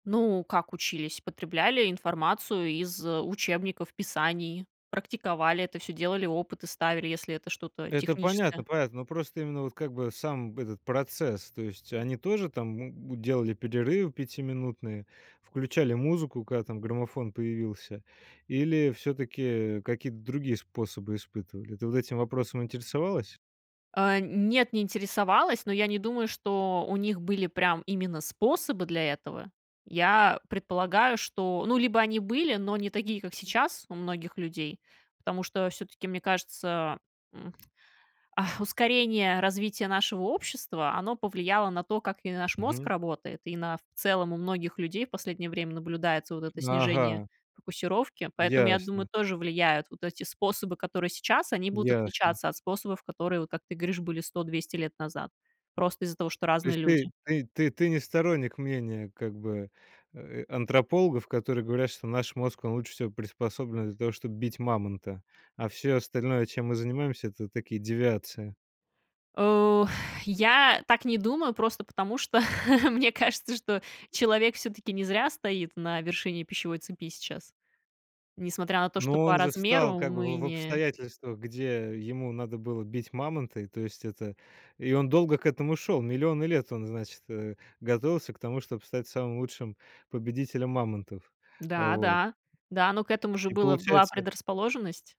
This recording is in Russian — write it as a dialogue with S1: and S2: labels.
S1: Ну, как учились? Потребляли информацию из учебников, писаний, практиковали это всё, делали, опыты ставили, если это что-то
S2: Это понятно
S1: техническое.
S2: понятно. Ну. Просто именно вот, как бы, сам этот процесс. То есть они тоже там м, делали перерывы пятиминутные, включали музыку, когда там граммофон появился? Или всё-таки, э, какие-то другие способы испытывали? Ты вот этим вопросом интересовалась?
S1: А. Нет, не интересовалась, но я не думаю, что у них были, прям, именно способы для этого. Я предполагаю, что, ну, либо они были, но не такие, как сейчас, у многих людей, потому что всё-таки, мне кажется, м, а, ускорение развития нашего общества, оно повлияло на то, как и наш мозг
S2: Мгм.
S1: работает и на, в целом, у многих людей в последнее время наблюдается вот это снижение
S2: Ага.
S1: фокусировки. Поэтому я думаю,
S2: Ясно.
S1: тоже влияют вот эти способы, которые сейчас, они будут
S2: Ясно.
S1: отличаться от способов, которые, вот как ты говоришь, были 100-200 лет назад, просто из-за того, что
S2: То есть
S1: разные
S2: ты
S1: люди.
S2: ты ты ты не сторонник мнения, как бы, э, антропологов, которые говорят, что наш мозг, он лучше всего приспособлен для того, чтобы бить мамонта. А всё остальное, чем мы занимаемся, это такие девиации.
S1: Э. Я так не думаю. Просто потому, что мне кажется, что человек, всё-таки, не зря стоит на вершине пищевой цепи сейчас. Несмотря на то,
S2: Но
S1: что по
S2: он же встал,
S1: размеру
S2: как бы,
S1: мы
S2: в в
S1: не
S2: обстоятельствах, где ему надо было бить мамонта. И то есть, это, и он долго к этому шел. Миллионы лет он, значит, э, готовился к тому, чтобы стать самым лучшим победителем мамонтов.
S1: Да,
S2: Вот.
S1: да. Да, но к этому же
S2: И
S1: было была
S2: получается
S1: предрасположенность.